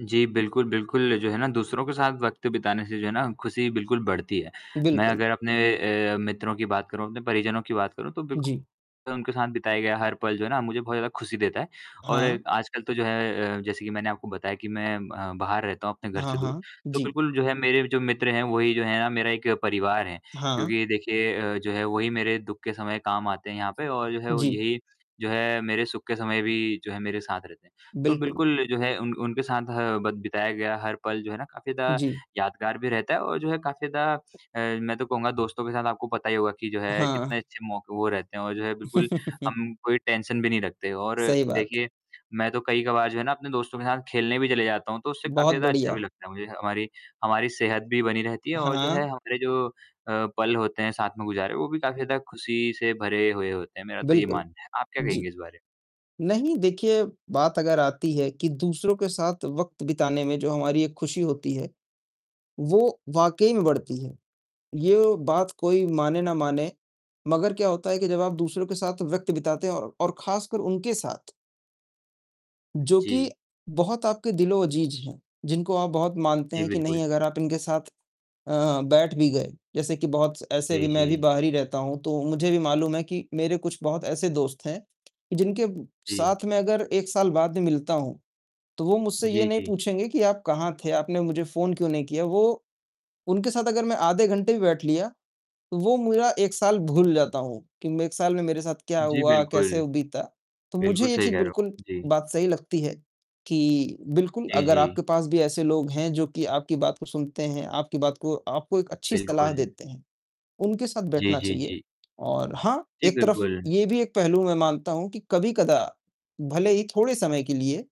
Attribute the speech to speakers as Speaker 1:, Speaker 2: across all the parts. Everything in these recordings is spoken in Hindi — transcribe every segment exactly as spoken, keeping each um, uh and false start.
Speaker 1: जी, बिल्कुल, बिल्कुल, जो है ना दूसरों के साथ वक़्त बिताने से जो है ना खुशी बिल्कुल बढ़ती है। मैं
Speaker 2: बिल्कुल।
Speaker 1: अगर अपने ए मित्रों की बात करूँ, अपने परिजनों की बात करूँ तो बिल्कु
Speaker 2: जी।
Speaker 1: उनके साथ बिताया गया हर पल जो है ना मुझे बहुत ज़्यादा खुशी देता है। और
Speaker 2: हाँ।
Speaker 1: आजकल तो जो है अ, जैसे कि मैंने आपको बताया कि मैं म बाहर रहता हूँ अपने घर
Speaker 2: हाँ,
Speaker 1: से दूर,
Speaker 2: हाँ।
Speaker 1: तो
Speaker 2: जी।
Speaker 1: बिल्कुल जो है, मेरे जो मित्र हैं वो ही जो है ना, मेरा एक परिवार है।
Speaker 2: हाँ।
Speaker 1: क्योंकि देखिए अ, जो है वो ही मेरे दुख के समय काम आते हैं यहाँ पे और जो है
Speaker 2: जी।
Speaker 1: यही जो है, मेरे सुख के समय भी जो है मेरे साथ रहते हैं। तो
Speaker 2: बिल्कुल।
Speaker 1: बिल्कुल जो है उन उनके साथ ह बत बिताया गया हर पल जो है ना काफ़ी ज़्यादा
Speaker 2: जी।
Speaker 1: यादगार भी रहता है और जो है काफ़ी ज़्यादा अ, मैं तो कहूँगा दोस्तों के साथ आपको पता ही होगा कि जो है कितने
Speaker 2: हाँ।
Speaker 1: अच्छे मौके वो रहते हैं और जो है बिल्कुल, हम कोई टेंशन भी नहीं रखते और
Speaker 2: सही बात।
Speaker 1: देखिए मैं तो कई कबार जो है ना अपने दोस्तों के साथ खेलने भी चले जाता हूँ तो उससे काफ़ी
Speaker 2: बहुत
Speaker 1: ज़्यादा अच्छा भी
Speaker 2: बढ़िया।
Speaker 1: लगता है मुझे। हमारी हमारी सेहत भी बनी रहती है और जो है
Speaker 2: हाँ।
Speaker 1: हमारे जो अ, पल होते हैं साथ में गुजारे वो भी काफ़ी ज़्यादा खुशी से भरे हुए होते हैं, मेरा तो ये
Speaker 2: बिल्कुल,
Speaker 1: मानना है। आप क्या कहेंगे
Speaker 2: जी,
Speaker 1: इस बारे में?
Speaker 2: नहीं देखिए, बात अगर आती है कि दूसरों के साथ वक़्त बिताने में जो हमारी एक खुशी होती है, वो वाक़ई में बढ़ती है। यो बात कोई माने न माने, मगर क्या होता है कि जब आप दूसरों के साथ वक़्त बिताते हैं और ख़ासकर उनके साथ जो कि
Speaker 1: जी।
Speaker 2: बहुत आपके दिलो-अजीज हैं, जिनको आप बहुत मानते
Speaker 1: जी
Speaker 2: हैं कि नहीं
Speaker 1: बिल्कुल।
Speaker 2: अगर आप इनके साथ अ, बैठ भी गए, जैसे कि बहुत ऐसे भी
Speaker 1: जी,
Speaker 2: मैं भी
Speaker 1: जी।
Speaker 2: बाहर ही रहता हूँ तो मुझे भी मालूम है कि मेरे कुछ बहुत ऐसे दोस्त हैं, जिनके
Speaker 1: जी।
Speaker 2: साथ में अगर एक साल बाद भी मिलता हूँ, तो वो मुझसे ये
Speaker 1: जी,
Speaker 2: नहीं
Speaker 1: जी।
Speaker 2: पूछेंगे कि आप कहाँ थे, आपने मुझे फ़ोन क्यों नहीं किया? वो उनके साथ अगर मैं आधे घंटे भी बैठ लिया, तो वो मेरा एक साल भूल जाता हूँ कि एक साल में मेरे साथ क्या
Speaker 1: जी,
Speaker 2: हुआ,
Speaker 1: बिल्कुल।
Speaker 2: कैसे ह बीता। तो मुझे
Speaker 1: बिल्कुल
Speaker 2: ये
Speaker 1: सही
Speaker 2: चीज़
Speaker 1: कह रहे हो।
Speaker 2: बिल्कुल
Speaker 1: जी।
Speaker 2: बात सही लगती है कि बिल्कुल,
Speaker 1: जी,
Speaker 2: अगर
Speaker 1: जी।
Speaker 2: आपके पास भी ऐसे लोग हैं जो कि आपकी बात को सुनते हैं, आपकी बात को आपको एक अच्छी सलाह
Speaker 1: बिल्कुल।
Speaker 2: देते हैं, उनके साथ
Speaker 1: जी,
Speaker 2: बैठना
Speaker 1: जी,
Speaker 2: चाहिए।
Speaker 1: जी।
Speaker 2: और हाँ,
Speaker 1: जी,
Speaker 2: एक तरफ
Speaker 1: बिल्कुल।
Speaker 2: ये भी एक पहलू मैं मानता हूँ कि कभी-कदा, भले ही थोड़े समय के लिए,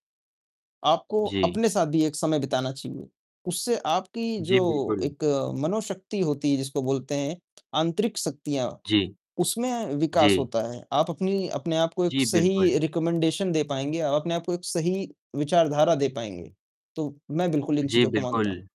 Speaker 2: आपको
Speaker 1: जी।
Speaker 2: अपने साथ भी एक समय बिताना चाहिए, उससे आपकी
Speaker 1: जी,
Speaker 2: जो
Speaker 1: बिल्कुल।
Speaker 2: एक मनोशक्ति होती है जिसको बोलते हैं आंतरिक शक्तियाँ
Speaker 1: जी।
Speaker 2: उसमें विकास
Speaker 1: जी।
Speaker 2: होता है, आप अपनी अपने आप को एक
Speaker 1: जी,
Speaker 2: सही
Speaker 1: बिल्कुल।
Speaker 2: रेकमेंडेशन दे पाएँगे। आप अपने आप को एक सही विचारधारा दे पाएँगे, तो मैं बिल्कुल इन
Speaker 1: जी,
Speaker 2: चीज़ों को मानता हूँ।
Speaker 1: बिल्कुल।